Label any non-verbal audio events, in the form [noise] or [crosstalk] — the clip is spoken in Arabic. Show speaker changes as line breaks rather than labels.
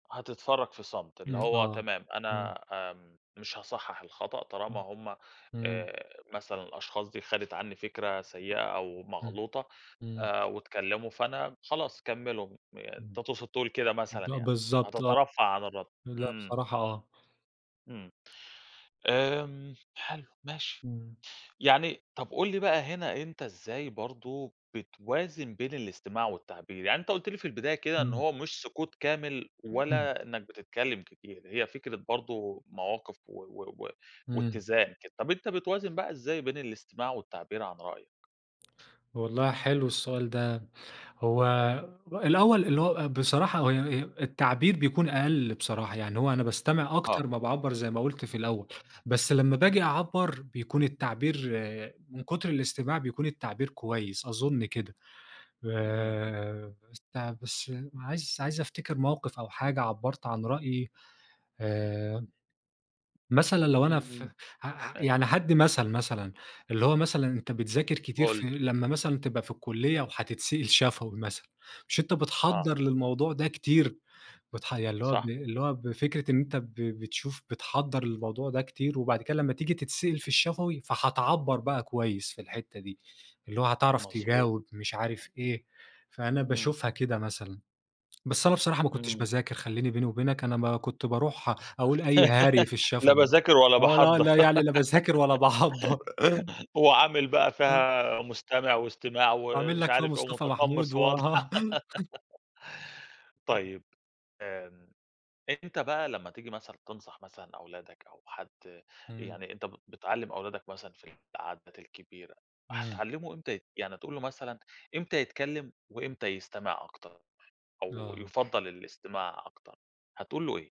هتتفرج في صمت اللي
إمم
هو
آه،
تمام،
إمم.
أنا آمم، مش هاصحح الخطأ طالما
إمم،
هُم
إمم.
آآ، مثلًا الأشخاص دي خدت عني فكرة سيئة أو
إمم،
مغلوطة
إمم.
آآ، واتكلموا، فأنا خلاص كمّلوا آآ، أنت
إمم.
تقصد تقول كده مثلًا
ب
يعني،
بالضبط آه.
هتترفع عن الرد،
لا،
امم.
بصراحة آه.
إمم، آمم، حلو ماشي،
إمم.
يعني طَب قُل لي بقى هنا أنت إزاي برضو بتوازن بين الاستماع والتعبير؟ يعني أنت قُلت لي في البداية كده إن
إمم.
هو مش سقوط كامل
امم.
ولا إنك بتتكلم كتير، هي فكرة برضو مواقف و و و
امم.
واتزان كده، طَب أنت بتوازن بقى إزاي بين الاستماع والتعبير عن رأيك؟
والله حلو السؤال ده، هو الأول اللي هو بصراحة هو و التعبير بيكون أقل بصراحة، يعني هو أنا باستمع
آه
أكتر ما باعبّر زي ما قُلت في الأول، بس لمّا
امم.
باجي أعبّر بيكون التعبير من كتر الاستماع بيكون التعبير كويس أظن كده،
إمم.
آآ، بس بس عايز عايز أفتكر موقف أو حاجة عبّرت عن رأيي آآ، مثلًا لو أنا ف
امم،
ع ع
أ
يعني هادِّي مثل مثلًا، اللي هو مثلًا أنت بتذاكر كتير
قُل لي.
في لمّا مثلًا تبقى في الكلية وهتتسأل شفوي مثلًا، مش أنت
آه.
بتحضّر للموضوع ده كتير؟ بتح يعني اللي هو ب
صح.
اللي هو بفكرة إن أنت ب بتشوف بتحضّر للموضوع ده كتير وبعد كده لمّا تييجي تتسأل في الشفوي فهتعبّر بقى كويس في الحتة دي، اللي هو هتعرف
مضبوط.
تجاوب مش عارف إيه، فأنا
إمم.
باشوفها كده مثلًا. بس أنا بصراحة ما كنتش
إمم.
باذاكر خليني بيني وبينك أنا ما كنت باروح أقول أي هري
[laughs]
في
لا
الشفوي،
باذاكر ولا
آه لا،
باحضّر،
لا يعني لا باذاكر ولا باحضّر.
[laughs] وعامل بقى
آه.
فيها مستمع
[unintelligible]
واستماع
وعامل
ومش
لك فيها
عارف إيه،
مصطفى محمود،
ومتقمص وا
وآه.
[laughs]
[unintelligible]
طيب آمم، أنت بقى لمّا تييجي مثلًا تنصح مثلًا أولادك أو حد
إمم.
يعني أنت بت بتعلِّم أولادك مثلًا في العادات الكبيرة،
إمم.
هتعلّمه إمتى يت يعني تقول له مثلًا إمتى يتكلم وإمتى يستمع أكتر أو
آه.
يُفضَّل الاستماع أكتر، هتقول له إيه؟